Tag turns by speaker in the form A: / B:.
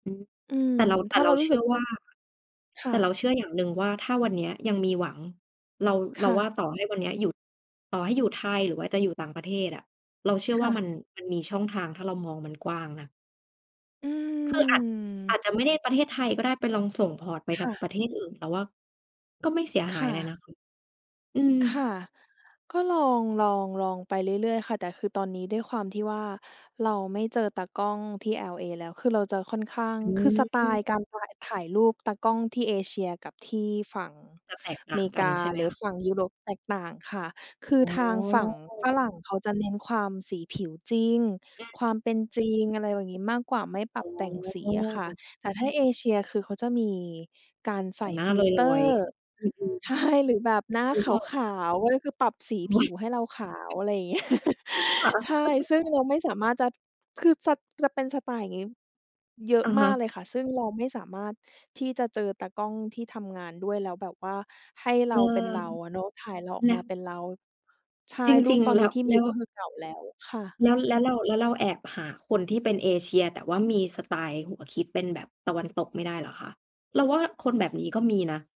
A: อืม
B: อืม
A: แต่เรา แต
B: ถ
A: ่
B: ้า
A: เ
B: เ
A: ร
B: ร
A: า
B: ารู
A: เช
B: ้ส
A: ื
B: ึ
A: ่
B: ก
A: อ
B: ว
A: ว
B: ่า
A: ่า
B: ค่
A: แต่เรา
B: ะ
A: เชื่ออย่างหนึ่งว่าถ้าวันเนี้ยยังมีหวัง เรา
B: ค
A: เรา
B: ่ะ
A: ว่าต่อให้วันเนี้ยอยู่ ต่อให้อยู่ไทย หรือว่าจะอยู่ต่างประเทศอะ เราเชื่อ
B: ค
A: ว่
B: ่
A: ามั
B: ะ
A: น มันมีช่องทาง ถ้าเรามองมันกว้างนะ
B: อื
A: คืออาจ อา
B: ม
A: จจะไม่ได้ประเทศไทยก็ได้ ไปลองส่ง พอร์ต ไป
B: ค
A: ท
B: ่ะ
A: ประเทศอื่น แต่ว่าก็ไม่เสีย
B: ค
A: หาย
B: ่
A: อะไรน
B: ะ
A: ะคะ อืม
B: ค่ะ ก็ลอง ลอง ลองไปเรื่อย ๆ ค่ะ แต่คือตอนนี้ด้วยความที่ว่าเราไม่เจอตากล้องที่ LA แล้ว คือเราจะค่อนข้าง
A: อ
B: คือสไต
A: ื
B: ล
A: ม
B: ์การถ่าย ถ่ายรูปตากล้อง ที่เอเชียกับที่ฝั่ง
A: จะแตกต่
B: เ
A: า
B: ม
A: งกั
B: ก
A: น
B: า
A: ใช่ไหม
B: หรื
A: ค
B: อ
A: ะ?
B: ฝั่งยุโรปแตกต่างค่ะ คือ
A: อ๋
B: ทางฝั่งฝ
A: อ
B: รั่งเขาจะ เน้นความสี ผิวจริง ความเป็นจริง อะไรแบบนี้มากกว่า ไม่ป
A: อ
B: ร
A: ๋
B: ับแต่งสีอะค่ะ
A: อ
B: แต่ถ้า เอเชีย คือเขาจะมีการ
A: แ
B: ใ
A: ต
B: ส
A: ่
B: ่
A: งหน้า
B: ฟิ
A: ล
B: ลเตอ
A: อย
B: ร์
A: ๆ อืม
B: ใช
A: ๆ
B: ่ หรือแบบหน้า
A: นึ
B: ข
A: กออก
B: าว ๆ เว้ย คือปรับสี
A: โอ
B: ผ
A: ๊
B: ิ
A: ย
B: วให้เราขาว อะไรอย่างเงี้ย
A: ค่ะ
B: ใช่ ซึ่งเราไม่สามารถจะ คือจะ จะเป็นสไตล์อย่างงี้เยอ
A: อ
B: ะ
A: ะ
B: ม
A: ฮ
B: ากเ
A: ะ
B: ลยค่ะ ซึ่ง เราไม่สามารถที่จะเจอตากล้องที่ทำงานด้วยแล้วแบบว่าให้
A: เ
B: เร
A: อ
B: า
A: อ
B: เป็นเราอะเนาะ ถ่ายเราออ
A: แ
B: ก
A: ล
B: ม
A: ะ
B: าเป็นเรา ใช่
A: จ
B: รู
A: ร
B: ป
A: ิง
B: ตอ
A: ๆ
B: น
A: แล
B: นี
A: ้
B: ้
A: ว
B: ที่
A: แ
B: ม
A: ล
B: ี
A: ้
B: ก็
A: ว
B: คือเก่าแล้วค่ะ
A: แล้ว แล้วเรา แล้วเราแอบหาคนที่เป็นเอเชีย แต่ว่ามีสไตล์ หัวคิดเป็นแบบตะวันตกไม่ได้เหรอคะ? เราว่าคนแบบนี้ก็มีนะ